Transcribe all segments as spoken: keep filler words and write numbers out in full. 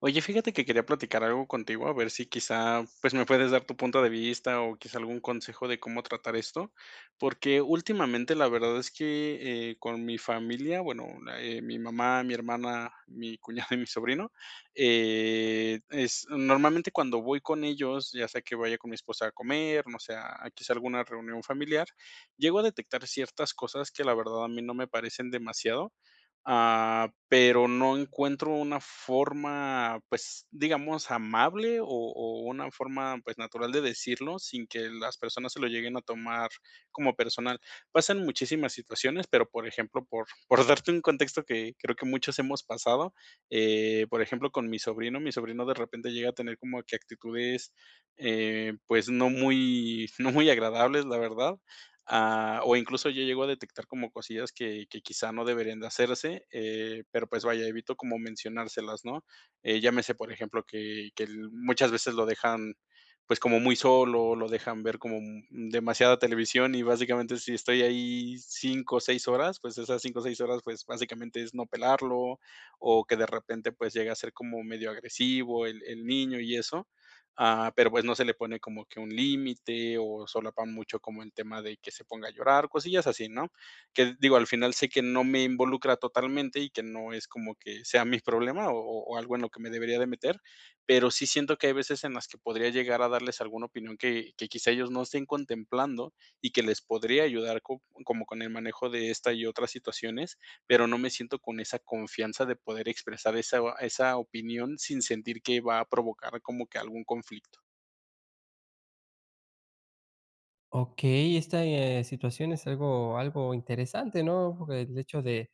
Oye, fíjate que quería platicar algo contigo, a ver si quizá, pues, me puedes dar tu punto de vista, o quizá algún consejo de cómo tratar esto, porque últimamente, la verdad es que, eh, con mi familia, bueno, eh, mi mamá, mi hermana, mi cuñado y mi sobrino, eh, es normalmente cuando voy con ellos, ya sea que vaya con mi esposa a comer, no sé, a a quizá alguna reunión familiar, llego a detectar ciertas cosas que la verdad a mí no me parecen demasiado. Ah, pero no encuentro una forma, pues digamos amable, o o una forma, pues natural de decirlo sin que las personas se lo lleguen a tomar como personal. Pasan muchísimas situaciones, pero, por ejemplo, por por darte un contexto que creo que muchos hemos pasado. Eh, por ejemplo, con mi sobrino, mi sobrino de repente llega a tener como que actitudes, eh, pues no muy no muy agradables, la verdad. Ah, o incluso yo llego a detectar como cosillas que que quizá no deberían de hacerse, eh, pero pues vaya, evito como mencionárselas, ¿no? Eh, llámese, por ejemplo, que que l muchas veces lo dejan, pues como muy solo, lo dejan ver como demasiada televisión, y básicamente, si estoy ahí cinco o seis horas, pues esas cinco o seis horas, pues básicamente es no pelarlo, o que de repente, pues llega a ser como medio agresivo el el niño y eso. Ah, pero pues no se le pone como que un límite, o solapan mucho como el tema de que se ponga a llorar, cosillas así, ¿no? Que digo, al final sé que no me involucra totalmente, y que no es como que sea mi problema, o o o algo en lo que me debería de meter, pero sí siento que hay veces en las que podría llegar a darles alguna opinión que que quizá ellos no estén contemplando, y que les podría ayudar co como el manejo de estas y otras situaciones. Pero no me siento con esa confianza de poder expresar esa esa opinión sin sentir que va a provocar como que algún conflicto. Okey, esta, eh, situación es algo algo interesante, ¿no? El hecho de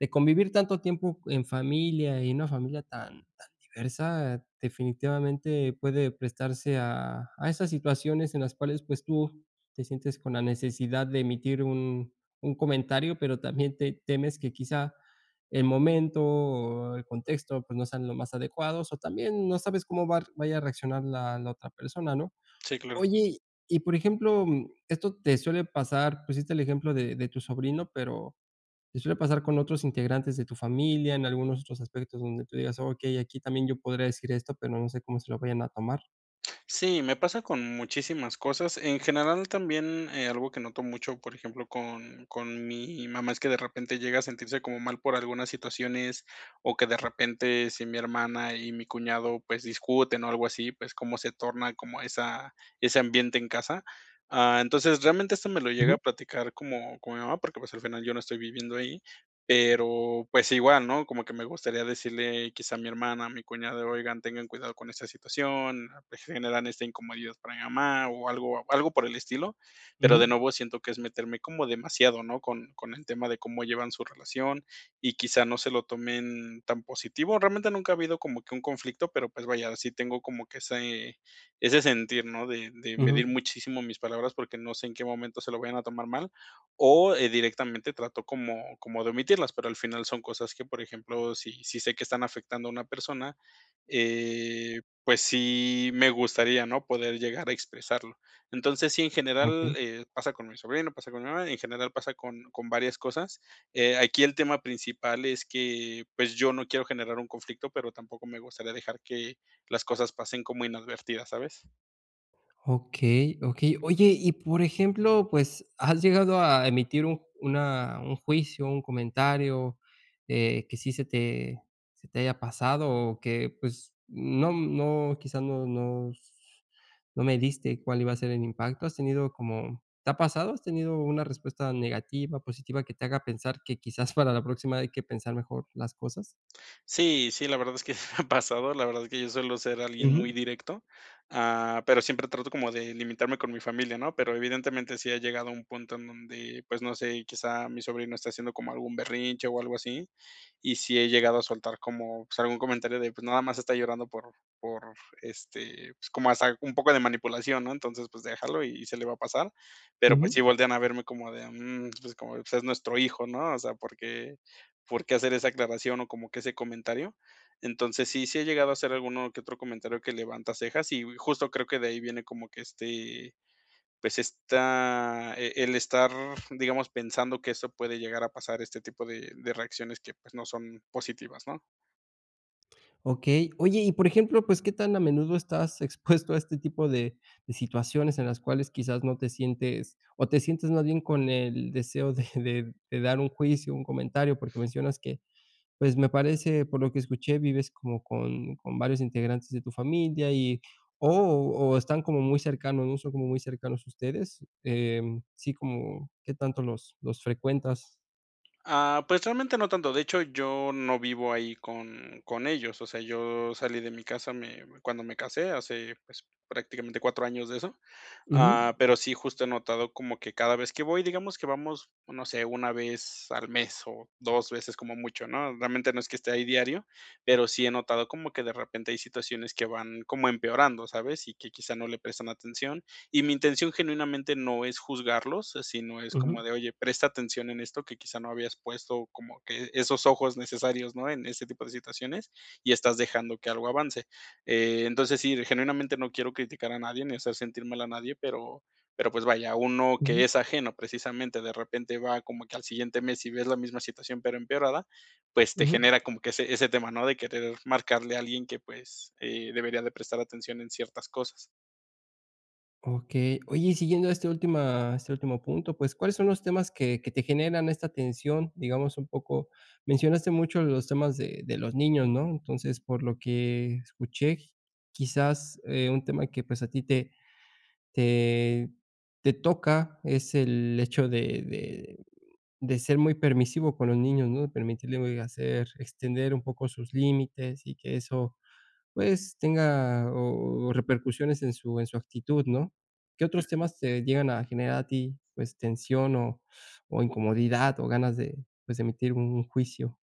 de convivir tanto tiempo en familia y en una familia tan tan diversa definitivamente puede prestarse a a esas situaciones en las cuales pues, tú te sientes con la necesidad de emitir un un comentario, pero también te temes que quizá el momento o el contexto, pues, no sean los más adecuados, o también, no sabes cómo var vaya a reaccionar la la otra persona, ¿no? Sí, claro. Oye, y por ejemplo, um, ¿esto te suele pasar? Pusiste el ejemplo de de tu sobrino, pero, ¿te suele pasar con otros integrantes de tu familia, en algunos otros aspectos donde tú digas: "Okey, aquí también yo podría decir esto, pero, no sé cómo se lo vayan a tomar?" Sí, me pasa con muchísimas cosas. En general también, eh, algo que noto mucho, por ejemplo, con con mi mamá es que de repente llega a sentirse como mal por algunas situaciones, o que de repente, si mi hermana y mi cuñado, pues, discuten o algo así, pues, como se torna como esa ese ambiente en casa. Ah, entonces realmente esto me lo llega a Ujú. platicar, como con mi mamá porque pues, al final yo no estoy viviendo ahí, pero pues, igual, ¿no? Como que me gustaría decirle quizá a mi hermana, a mi cuñado, oigan, tengan cuidado con esta situación, pues, generan esta incomodidad para mi mamá, o algo algo por el estilo, pero, de Ujú. nuevo siento que es meterme como demasiado, ¿no?, con con el tema de cómo llevan su relación, y quizá no se lo tomen tan positivo. Realmente nunca ha habido como que un conflicto, pero, pues vaya, sí tengo como que ese ese sentir, ¿no?, de de medir Ujú. muchísimo mis palabras porque no sé en qué momento se lo vayan a tomar mal o, eh, directamente trato como como de omitirlas, pero, al final son cosas que, por ejemplo, si si sé que están afectando a una persona, eh, pues, sí me gustaría, ¿no? Poder llegar a expresarlo. Entonces, sí, en general, Okey. eh, pasa con mi sobrino, pasa con mi mamá, en general pasa con con varias cosas. Eh, aquí el tema principal es que, pues, yo no quiero generar un conflicto, pero, tampoco me gustaría dejar que las cosas pasen como inadvertidas, ¿sabes? Okey, Okey. Oye, y, por ejemplo, pues ¿has llegado a emitir un una un juicio, un comentario eh, que sí se te se te haya pasado? O que pues no no, ¿quizás no no, no s no mediste cuál iba a ser el impacto? ¿Has tenido como te ha pasado? ¿Has tenido una respuesta negativa, positiva que te haga pensar que quizás para la próxima hay que pensar mejor las cosas? Sí, sí, la verdad es que me ha pasado, la verdad es que yo suelo ser alguien muy Ujú. directo, ah, pero siempre trato como de limitarme con mi familia, ¿no? Pero evidentemente sí ha llegado a un punto en donde, pues no sé, quizá mi sobrino está haciendo como algún berrinche o algo así, y sí he llegado a soltar como pues algún comentario de: "Pues nada más está llorando por por este pues, como hasta un poco de manipulación, ¿no? Entonces pues déjalo y se le va a pasar". Pero pues sí Ujú. voltean a verme como de: "Mm", pues como: "Pues es nuestro hijo, ¿no? O sea, ¿por qué por qué hacer esa aclaración, o como que ese comentario?". Entonces sí, sí he llegado a hacer alguno que otro comentario que levanta cejas, y justo creo que de ahí viene como que este pues está el el estar, digamos, pensando que eso puede llegar a pasar este tipo de de reacciones que, pues no son positivas, ¿no? Okey, oye, y por ejemplo, pues, ¿qué tan a menudo estás expuesto a este tipo de de situaciones?, en las cuales quizás no te sientes o te sientes más bien con el deseo de de de dar un juicio, un comentario porque mencionas que pues, me parece por lo que escuché vives como con con varios integrantes de tu familia, y o o están como muy cercanos, ¿no?, son como muy cercanos ustedes, em, sí, como, ¿qué tanto los los frecuentas? Ah, pues realmente no tanto, de hecho, yo no vivo ahí con con ellos, o sea, yo salí de mi casa me cuando me casé hace, pues prácticamente cuatro años de eso, Ujú. ah, pero sí justo he notado como que cada vez que voy, digamos que vamos, no sé, una vez al mes o dos veces como mucho, ¿no?, realmente no es que esté ahí diario, pero sí he notado como que de repente hay situaciones que van como empeorando, ¿sabes?, y que quizá no le prestan atención, y mi intención genuinamente no es juzgarlos, si no es Ujú. como de: "Oye, presta atención en esto, que quizá no habías puesto como que esos ojos necesarios", ¿no?, en ese tipo de situaciones, y estás dejando que algo avance, eh, entonces sí, genuinamente no quiero criticar a nadie, ni hacer sentir mal a nadie, pero pero pues vaya, uno que Ujú. es ajeno precisamente de repente va como que al siguiente mes y ves la misma situación, pero empeorada, pues te Ujú. genera como que ese ese tema, ¿no?, de querer marcarle a alguien que pues, eh, debería de prestar atención en ciertas cosas. Okey, oye, y siguiendo a esta última este último punto, pues, ¿cuáles son los temas que que te generan esta tensión? Digamos un poco, mencionaste mucho los temas de de los niños, ¿no? Entonces, por lo que escuché, quizás, eh, un tema que pues a ti, te te te toca es el hecho de de de ser muy permisivo con los niños, ¿no? De permitirle hacer extender un poco sus límites y que eso pues, tenga, o repercusiones en su en su actitud, ¿no? ¿Qué otros Ujú. temas te llegan a generar a ti, pues, tensión, o o incomodidad, o ganas de, pues, de emitir un juicio?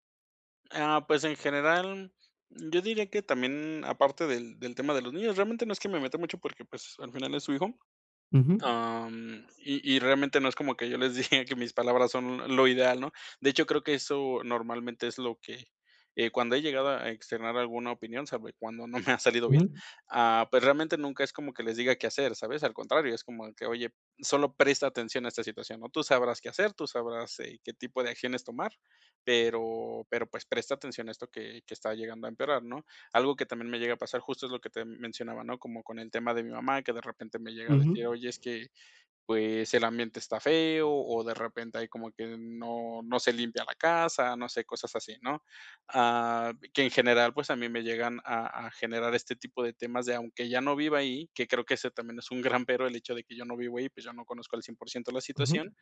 Ah, pues, en general, yo diría que también aparte del del tema de los niños, realmente no es que me meta mucho, porque pues, al final es su hijo. Ujú. Am, y y realmente no es como que yo les diga que mis palabras son lo ideal, ¿no? De hecho, creo que eso normalmente es lo que, eh, cuando he llegado a externar alguna opinión sabe cuando, no me ha salido bien. Ujú. Ah, pues, realmente nunca es como que les diga qué hacer, ¿sabes? Al contrario, es como que oye, solo presta atención a esta situación, ¿no? Tú sabrás qué hacer, tú sabrás, eh, qué tipo de acciones tomar, pero pero pues, presta atención a esto que que está llegando a empeorar, ¿no? Algo que también me llega a pasar, justo es lo que te mencionaba, ¿no? Como con el tema de mi mamá, que de repente me llega a decir: Ujú. "Oye, es que pues, el ambiente está feo", o de repente hay como que no no se limpia la casa. No sé cosas así, ¿no? Ah, que en general, pues, a mí me llegan a a generar este tipo de temas de aunque ya no viva ahí, que creo que eso también es un gran pero, el hecho de que yo no vivo ahí, pues, yo no conozco al cien por ciento la Ujú. situación.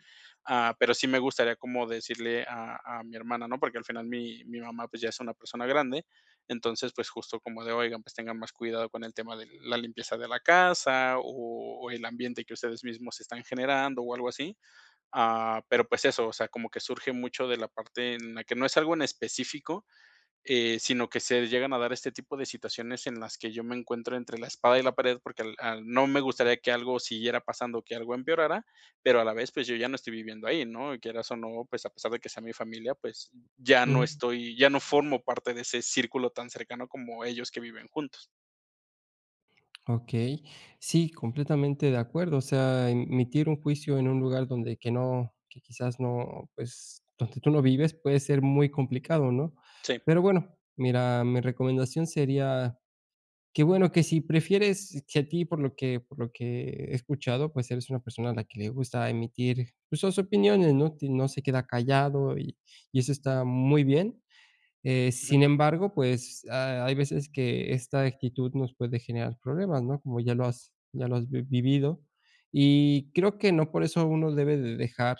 Ah, pero, sí me gustaría como decirle a a mi hermana, ¿no? Porque, al final mi mi mamá, pues, ya es una persona grande. Entonces, pues justo como de: "Oigan, pues, tengan más cuidado con el tema de la limpieza de la casa, o o el ambiente que ustedes mismos están generando o algo así". Ah, pero pues, eso, o sea, como que surge mucho de la parte, en la que no es algo en específico, eh, sino que se llegan a dar este tipo de situaciones en las que yo me encuentro entre la espada y la pared porque, al no me gustaría que algo siguiera pasando que algo empeorara, pero, a la vez, pues, yo ya no estoy viviendo ahí, ¿no? Y quieras o no, pues, a pesar de que sea mi familia, pues, ya no Ujú. estoy, ya no formo parte de ese círculo tan cercano, como ellos que viven juntos. Okey, sí, completamente de acuerdo, o sea, emitir un juicio en un lugar donde que no, que quizás no, pues, donde tú no vives, puede ser muy complicado, ¿no?, Sí. pero bueno, mira, mi recomendación sería, que bueno, que si prefieres que a ti por lo que por lo que he escuchado, pues eres una persona a la que le gusta emitir, pues sus opiniones, ¿no?, no se queda callado y y eso está muy bien, eh, Ujú. sin embargo, pues ha hay veces que esta actitud nos puede generar problemas, ¿no?, como ya lo has ya lo has vivido, y creo que no por eso, uno debe de dejar,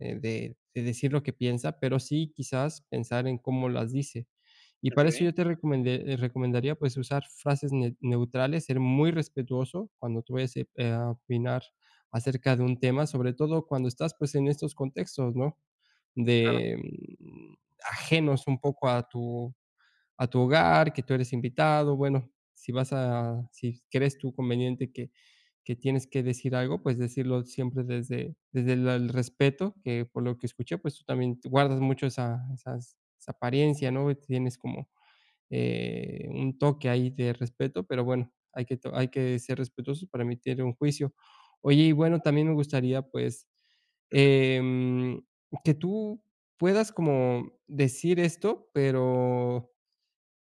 eh, de decir lo que piensa, pero sí quizás, pensar en cómo las dice, y para eso, Okey. yo te recomende recomendaría pues usar frases ne neutrales, ser muy respetuoso cuando tú vayas, eh, a opinar acerca de un tema, sobre todo cuando estás, pues, en estos contextos, ¿no?, Claro. de, mm, ajenos un poco a tu a tu hogar, que tú eres invitado, bueno, si vas a si crees tú conveniente que que tienes que decir algo, pues decirlo siempre desde desde la el respeto, que por lo que escuché, pues tú también guardas mucho esa esas esa apariencia, ¿no?, tienes como, eh, un toque ahí de respeto, pero bueno, hay que to hay que ser respetuoso para emitir un juicio, oye, y bueno, también me gustaría, pues, em, que tú puedas como decir esto, pero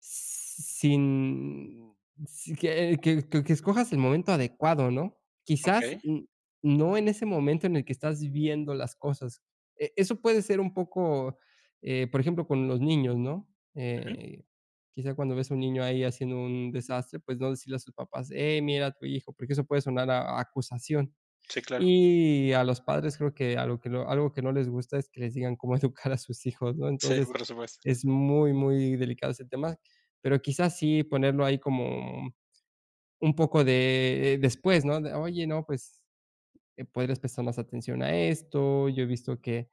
sin si que que que que escojas el momento adecuado, ¿no?, quizás, Okey. n no en ese momento en el que estás viviendo las cosas, e eso puede ser un poco, eh, por ejemplo, con los niños, ¿no?, Ujú. eh, quizás cuando ves a un niño ahí haciendo un desastre, pues no decirle a sus papás: "Eh, mira a tu hijo", porque eso puede sonar a acusación, Sí, claro. y a los padres, creo que algo que algo que no les gusta, es que les digan cómo educar a sus hijos, ¿no?, Sí, entonces, por supuesto. es muy muy delicado ese tema, pero quizás, sí ponerlo ahí, como, mm, un poco de, después ¿no?, "Oye, no, pues podrías prestar más atención a esto, yo he visto que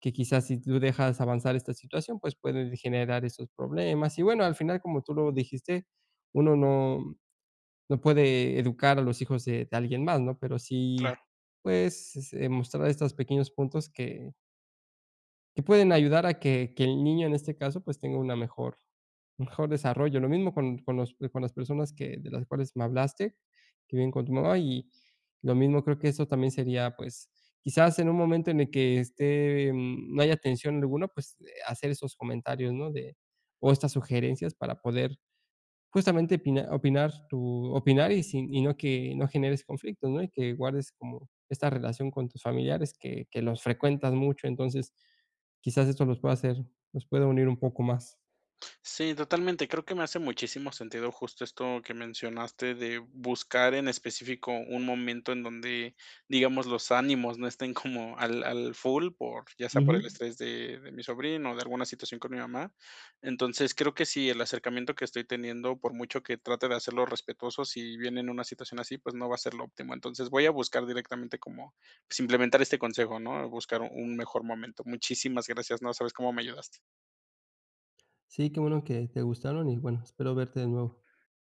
que quizás si tú dejas avanzar esta situación, pues pueden generar estos problemas", y bueno, al final, como tú lo dijiste, uno no no puede educar a los hijos de de alguien más, ¿no?, pero sí Claro. pues, eh, mostrar estos pequeños puntos que Que pueden ayudar a que que el niño, en este caso, pues tenga una mejor un mejor desarrollo. Lo mismo con con los con las personas que de las cuales me hablaste que viven con tu mamá, y lo mismo creo que eso también sería, pues quizás en un momento en el que esté no haya tensión alguna, pues hacer esos comentarios, ¿no?, de o estas sugerencias para poder justamente opinar opinar tu opinar y sin y no que no generes conflicto, ¿no?, y que guardes como esta relación con tus familiares que que los frecuentas mucho, entonces quizás esto los pueda hacer los pueda unir un poco más. Sí, totalmente, creo que me hace muchísimo sentido justo esto que mencionaste de buscar en específico un momento en donde digamos, los ánimos no estén como al al full por ya sea por el Ujú. estrés de de mi sobrino o de alguna situación con mi mamá, entonces creo que si el acercamiento que estoy teniendo, por mucho que trate de hacerlo respetuoso, si viene en una situación así, pues no va a ser lo óptimo, entonces voy a buscar directamente como, pues implementar este consejo, ¿no?, buscar un mejor momento. Muchísimas gracias. No sabes cómo me ayudaste. Sí, qué bueno que te gustaron, y bueno, espero verte de nuevo.